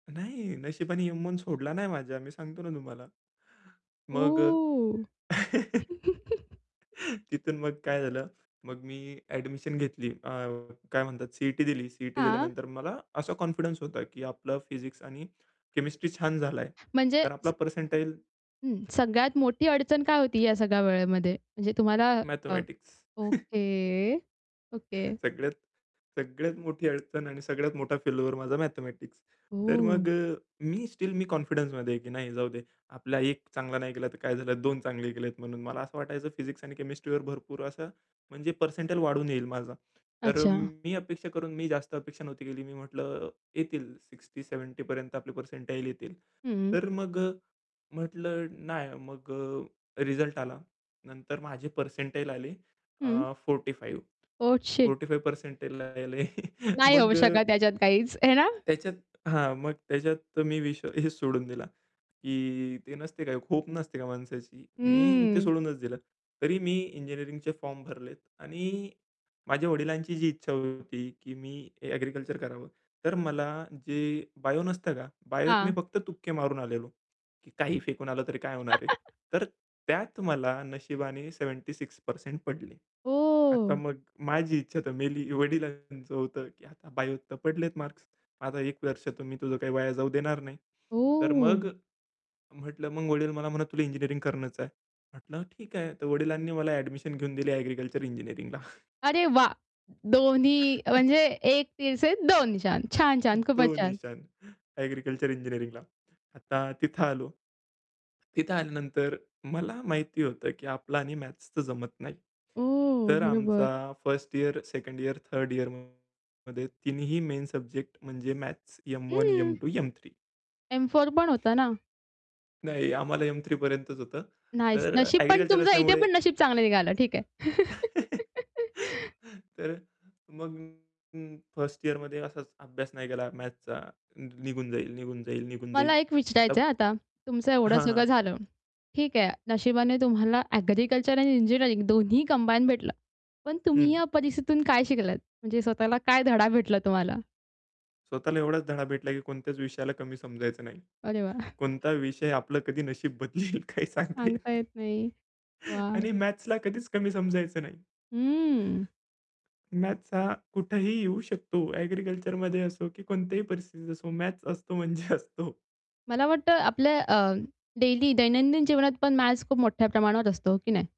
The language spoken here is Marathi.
नाही, नशिबाने एम-वन सोडला नाही माझा मी सांगतो ना तुम्हाला. मग अ, ओ! तिथून मग काय झालं, मग मी एडमिशन घेतली. अ, काय म्हणतात सी-ई-टी दिली. सी-ई-टी हां. दिल्यानंतर मला असा कॉन्फिडन्स होता की आपलं फिजिक्स आणि केमिस्ट्री छान झालाय. म्हणजे तर आपला पर्सेंटाईल हं. सगळ्यात मोठी अडचण काय होती या सगळ्या वेळेमध्ये? म्हणजे तुम्हाला अ मॅथेमॅटिक्स. Okay, okay. सगळ्यात सगळ्यात मोठी अडचण आणि सगळ्यात मोठा फेल्युअर माझा मॅथेमॅटिक्स. तर ओह. मग अ, मी स्टिल मी कॉन्फिडन्समध्ये आहे की नाही जाऊ दे. आपला 1 चांगला नाही गेला तर काय झालं, 2 चांगले केलेत म्हणून मला असं वाटायचं फिजिक्स आणि केमिस्ट्रीवर भरपूर असं म्हणजे पर्सेंटाइल वाढून येईल माझा. तर अच्छा. मी अपेक्षा करून, मी जास्त अपेक्षा नव्हती केली. मी म्हटलं येतील 60-70 पर्यंत आपले पर्सेंटाईल येतील. हं. तर मग अ, म्हटलं नाही मग अ, रिझल्ट आला. नंतर माझे पर्सेंटाईल आले हं. अ, 45. ओह, शिट! 45 पर्सेंटाइल आले. नाही होऊ मग अ शकत त्याच्यात काहीच. हे ना? त्याच्यात हां, मग त्याच्यात मी विषय हेचं सोडून दिला की ते नसते काय, होप नसते का माणसाची. मी ते हम्म. सोडूनच दिलं. तरी मी इंजिनिअरिंगचे फॉर्म भरलेत आणि माझ्या वडिलांची जी इच्छा होती, की मी एग्रीकल्चर करावं, तर मला जे बायो नसतं का? बायोत मी हां. फक्त तुक्के मारून आलेलो. की काहीही फेकून आलं, तरी काय होणार आहे. तर त्यात मला नशिबाने 76% पडले. आता ओह! मग माझी इच्छा तर मेली, वडिलांचं होतं की "आता बायोत तर पडलेत मार्क्स, आता 1 वर्ष तर मी तुझं काही वाया जाऊ देणार नाही." तर ओह. मग म्हटलं मग वडील मला म्हणत, "तुला इंजिनिअरिंग करणंच आहे." म्हटलं "ठीक आहे." तर वडिलांनी मला एडमिशन घेऊन दिली एग्रीकल्चर इंजिनिअरिंगला. अरे, वाह! दोन्ही म्हणजे "एक तीर से दो निशान." छान, छान, दो खूपच छान! निशान. एग्रीकल्चर इंजिनिअरिंगला. आता तिथं आलो. तिथं आल्यानंतर मला माहिती होतं की आपलं आणि मॅथ्सच तर जमत नाही. ओह, तर बरोबर. आमचा 1st year, 2nd year, 3rd इयरमध्ये तिन्हीही मेन सब्जेक्ट म्हणजे मॅथ्स. एम-वन, हं. M two, M three. एम-4 पण होता ना? नाही, आम्हाला एम-थ्री पर्यंतच होतं. नाईस. तर नशीब पण एग्रीकल्चर तुमचं इथे असल्यामुळे पण नशीब चांगलं निघालं. ठीक आहे. तर मग [unintelligible] 1st इयरमध्ये असाच अभ्यास नाही केला मॅथ्सचा. निघून जाईल, निघून जाईल, निघून मला जाईल. एक आता विचारायचंय हं आता, तुमचं एवढं हां, हां. सगळं झालं. ठीक आहे नशिबाने तुम्हाला एग्रीकल्चर आणि इंजिनिअरिंग दोन्ही कंबाईन भेटलं. पण तुम्ही हं. या परिस्थितीतून काय शिकलात? म्हणजे स्वतःला काय धडा भेटला तुम्हाला? स्वतःला एवढाच धडा भेटला की कोणत्याच विषयाला कमी समजायचं नाही. अरे वाह! कोणता विषय आपलं कधी नशीब बदलेल काही सांगता येत सांगता नाही. येत नाही. वाह! आणि मॅथ्सला कधीच कमी समजायचं नाही. हम्म. मॅथ्स हा कुठेही येऊ शकतो. एग्रीकल्चरमध्ये असो की कोणत्याही परिस्थितीत असो मॅथ्स असतो म्हणजे असतो. मला वाटतं आपल्या अ, डेली दैनंदिन जीवनात पण मॅथ्स खूप मोठ्या प्रमाणावर असतो हो की नाही?